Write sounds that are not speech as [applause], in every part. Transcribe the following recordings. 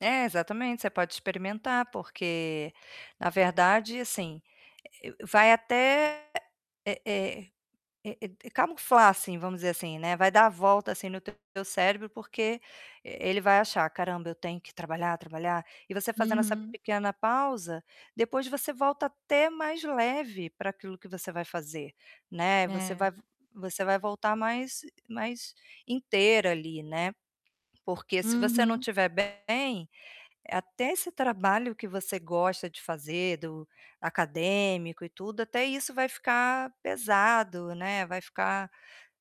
É, exatamente, você pode experimentar, porque na verdade, assim, eh, eu vai até eh eh eh eh camuflar, assim, vamos dizer assim, né, vai dar a volta assim no teu cérebro, porque e ele vai achar: "Caramba, eu tenho que trabalhar, trabalhar". E você fazendo essa Uhum. pequena pausa, depois você volta até mais leve para aquilo que você vai fazer, né, você É. vai v você vai voltar mais mais inteira ali, né? Porque se você não Uhum. tiver bem, até esse trabalho que você gosta de fazer, do acadêmico e tudo, até isso vai ficar pesado, né, vai ficar,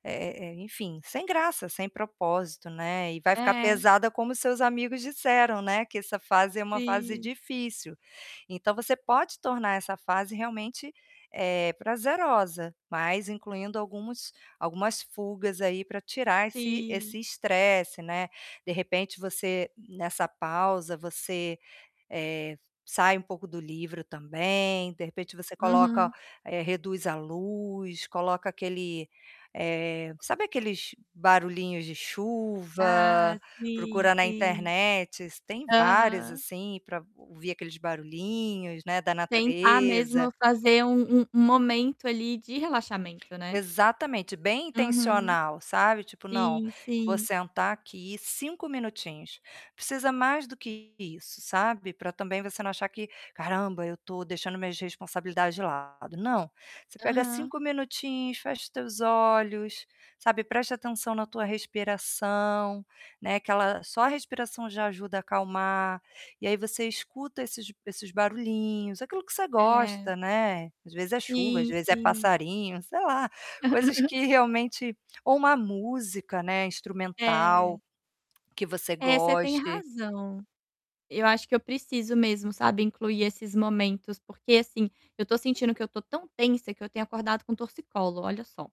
eh eh, enfim, sem graça, sem propósito, né, e vai ficar É. pesada como seus amigos disseram, né, que essa fase é uma fase Sim. difícil. Então você pode tornar essa fase realmente, eh, prazerosa, mas incluindo alguns algumas fugas aí pra tirar esse Sim. esse estresse, né? De repente, você nessa pausa, você, eh, sai um pouco do livro também, de repente, você coloca Uhum. eh, reduz a luz, coloca aquele eh, sabe aqueles barulhinhos de chuva? Ah, sim, Procura na sim. internet, tem vários, Aham. assim, pra ouvir aqueles barulhinhos, né, da Tentar natureza. mesmo fazer um um momento ali de relaxamento, né. Exatamente, bem Uhum. intencional, sabe, tipo: "Não, Sim, vou sim. sentar aqui 5 minutinhos". Precisa mais do que isso, sabe? Pra também você não achar que: "Caramba, eu tô deixando minhas responsabilidades de lado". Não, você pega Aham. 5 minutinhos, fecha teus olhos, sabe, presta atenção na tua respiração, né, aquela só a respiração já ajuda a acalmar. E aí, você escuta esses esses barulhinhos, aquilo que você É. gosta, né. Às vezes é chuva, às Sim, vezes é sim. passarinho, sei lá, coisas [chuckles] que realmente ou uma música, né, É. instrumental que você É, você tem goste. razão. Eu acho que eu preciso mesmo, sabe, incluir esses momentos, porque assim, eu tô sentindo que eu tô tão tensa que eu tenho acordado com torcicolo, olha só.